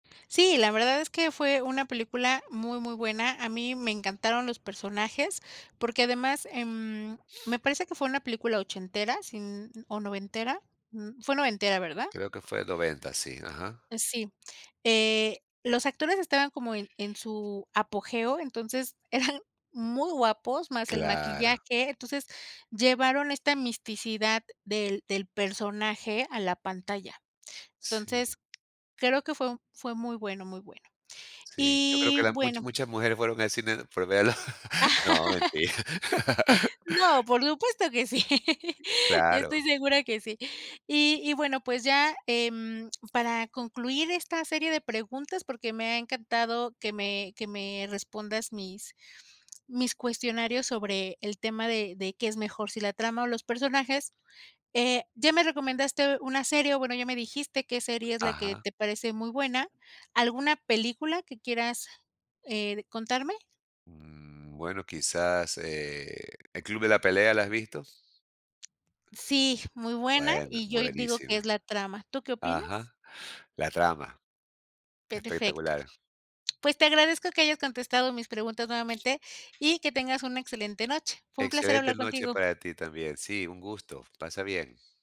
Sí, la verdad es que fue una película muy, muy buena. A mí me encantaron los personajes, porque además, em, me parece que fue una película ochentera, sin o noventera. Mm, fue noventera, ¿verdad? Creo que fue 90's, sí. Ajá. Eh, sí. Eh, los actores estaban como en en su apogeo, entonces eran muy guapos, más el maquillaje. Claro. Entonces, llevaron esta misticidad del del personaje a la pantalla. Sí. Entonces, creo que fue un fue muy bueno, muy bueno. Sí, yo creo que Y las much bueno muchas mujeres fueron al cine por verlo. No, mentira. No, por supuesto que sí. Yo estoy Claro. segura que sí. Y y bueno, pues, ya, em, para concluir esta serie de preguntas, porque me ha encantado que me que me respondas mis mis cuestionarios sobre el tema de de qué es mejor, si la trama o los personajes, eh, ya me recomendaste una serie, o bueno, ya me dijiste qué serie es la que Ajá. te parece muy buena. ¿Alguna película que quieras, eh, contarme? Mmm, bueno, quizás, eh, ¿"El club de la pelea", la has visto? Sí, muy buena. Bueno, Y yo ahí digo que es buenísima. la trama. ¿Tú qué opinas? Ajá. La trama Perfecto. espectacular. Pues, te agradezco que hayas contestado mis preguntas nuevamente, y que tengas una excelente noche. Fue un placer Excelente hablar noche contigo. para ti también. Sí, un gusto. Pasa bien.